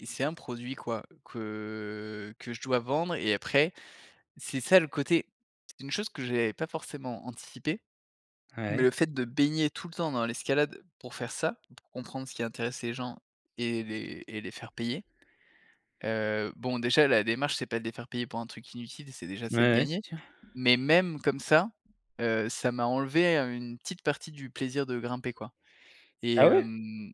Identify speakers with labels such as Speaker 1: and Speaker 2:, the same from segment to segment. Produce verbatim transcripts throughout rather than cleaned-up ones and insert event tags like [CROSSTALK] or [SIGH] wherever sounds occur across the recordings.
Speaker 1: Et c'est un produit, quoi, que que je dois vendre et après c'est ça le côté c'est une chose que j'avais pas forcément anticipée, mais
Speaker 2: Ouais.
Speaker 1: le fait de baigner tout le temps dans l'escalade pour faire ça, pour comprendre ce qui intéresse les gens et les et les faire payer, heu, bon, déjà la démarche, c'est pas de les faire payer pour un truc inutile, c'est déjà c'est de
Speaker 2: Mouais, ouais, c'est
Speaker 1: gagner.
Speaker 2: sûr.
Speaker 1: Mais même comme ça, heu, ça m'a enlevé, heu, une petite partie du plaisir de grimper, quoi et
Speaker 2: Ah ouais?
Speaker 1: hem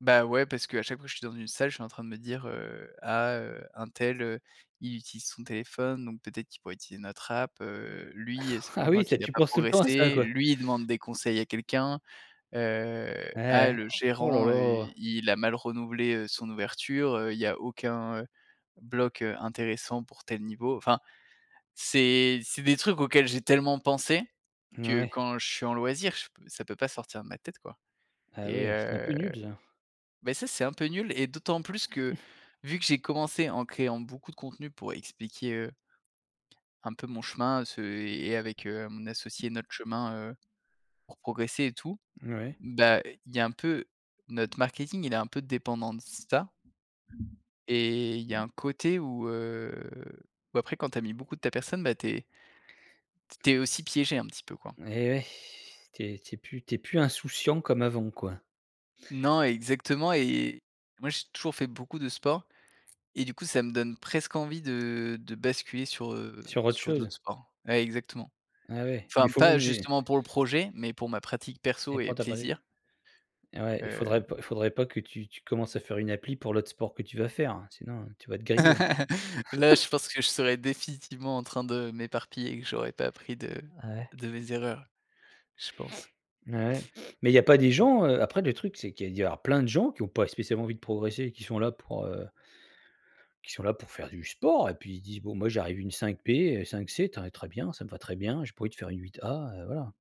Speaker 1: Bah, ouais, parce qu'à chaque fois que je suis dans une salle, je suis en train de me dire, heu: «Ah, heu, untel, heu, il utilise son téléphone, donc peut-être qu'il pourrait utiliser notre app, heu, lui ça fait
Speaker 2: [CHUCKLES] Ah
Speaker 1: longtemps
Speaker 2: oui, ça,
Speaker 1: qu'il a
Speaker 2: tu
Speaker 1: pas
Speaker 2: penses tout le temps à ça,
Speaker 1: progressé.
Speaker 2: quoi?
Speaker 1: Lui, il demande des conseils à quelqu'un, heu,
Speaker 2: Ouais,
Speaker 1: ah,
Speaker 2: ouais.
Speaker 1: le
Speaker 2: Oh là
Speaker 1: gérant, heu,
Speaker 2: là!
Speaker 1: il a mal renouvelé, heu, son ouverture, heu, il y a aucun, heu, bloc, heu, intéressant pour tel niveau». Enfin, c'est c'est des trucs auxquels j'ai tellement pensé que
Speaker 2: Ouais.
Speaker 1: quand je suis en loisir, je p ça peut pas sortir de ma tête, quoi.
Speaker 2: Ah
Speaker 1: Et
Speaker 2: ouais, c'est un peu
Speaker 1: heu,
Speaker 2: nul, ça.
Speaker 1: bah, ça, c'est un peu nul et d'autant plus que
Speaker 2: Mmh.
Speaker 1: vu que j'ai commencé en créant beaucoup de contenus pour expliquer, heu un peu mon chemin, ce et et avec, heu, mon associé notre chemin, heu, pour progresser et tout,
Speaker 2: Mouais.
Speaker 1: bah, il y a un peu notre marketing il est un peu dépendant de ça. Et il y a un côté où, heu, bah, après quand tu as mis beaucoup de ta personne, bah, tu es t tu es aussi piégé un petit peu, quoi.
Speaker 2: Eh ouais, tu es tu es plus tu es plus insouciant comme avant, quoi?
Speaker 1: Non exactement et moi, j'ai toujours fait beaucoup de sport et du coup, ça me donne presque envie de de basculer sur, heu,
Speaker 2: Sur autre
Speaker 1: sur
Speaker 2: chose?
Speaker 1: d'autres sports. Ouais, exactement,
Speaker 2: Ah ouais. Il
Speaker 1: enfin
Speaker 2: faut
Speaker 1: pas,
Speaker 2: mais
Speaker 1: justement, pour le projet mais pour ma pratique
Speaker 2: Et
Speaker 1: perso et
Speaker 2: pour toi, pareil q
Speaker 1: plaisir.
Speaker 2: eh ouais, il faudrait
Speaker 1: Heu
Speaker 2: pas il faudrait pas que tu tu commences à faire une appli pour l'autre sport que tu vas faire, sinon tu vas être grillé encore.
Speaker 1: [LAUGHS] Là, je
Speaker 2: [CHUCKLES]
Speaker 1: pense que je serais définitivement en train de m'éparpiller et que j'aurais pas appris de
Speaker 2: Ah ouais?
Speaker 1: de mes erreurs, je pense.
Speaker 2: [SNIFFS] Bah, ouais. [SNIFFS] Mais il y a pas des
Speaker 1: Mmh.
Speaker 2: gens, heu, après le truc, c'est qu'il y a doit y avoir plein de gens qui ont pas spécialement envie de progresser, qui sont là pour, heu qui sont là pour faire du sport. Et puis, ils se disent: «Bon, moi, j'arrive une cinq P, heu, cinq C, tu as un très bien, ça me va très bien. J'ai pas envie de faire une huit A», heu, voilà.